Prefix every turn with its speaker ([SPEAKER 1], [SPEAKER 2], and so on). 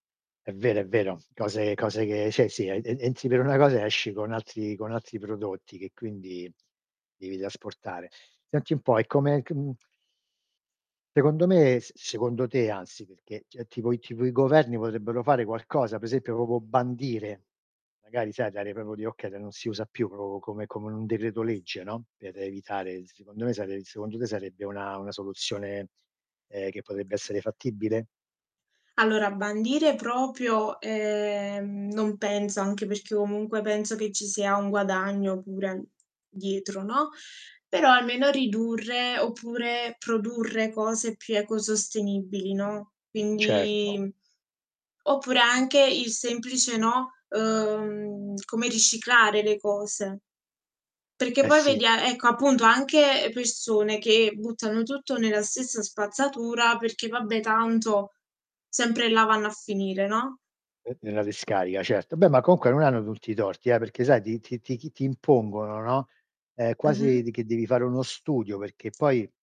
[SPEAKER 1] È vero, è vero. Cose cose che cioè sì ed ed entri per una cosa e esci con altri con altri prodotti che, quindi, devi trasportare. Senti un po' e come c mhmm Secondo me s secondo te, anzi, perché c tipo i tipo i governi potrebbero fare qualcosa? Per esempio proprio bandire, magari sai dare proprio di okay de non si usa più proprio come come in un decreto legge, no? Per evitare s secondo me sare secondo te sarebbe una una soluzione, ehm, che potrebbe essere fattibile?
[SPEAKER 2] Allora, bandire proprio, ehm, non penso. Anche perché, comunque, penso che ci sia un guadagno pure dietro, no? Però almeno ridurre, oppure produrre cose più ecosostenibili, no,
[SPEAKER 1] Certo.
[SPEAKER 2] quindi oppure anche il semplice, no, uhm come riciclare le cose perché
[SPEAKER 1] Eh
[SPEAKER 2] poi
[SPEAKER 1] sì.
[SPEAKER 2] vedi a ecco, appunto, anche persone che buttano tutto nella stessa spazzatura perché: "Vabbè, tanto sempre là vanno a finire", no?
[SPEAKER 1] Uh nella discarica certo, beh ma comunque non hanno tutti i torti eh, perché sai ti ti ti chi ti impongono, no, ehm quasi
[SPEAKER 2] Mh-mh.
[SPEAKER 1] di che devi fare uno studio, perché poi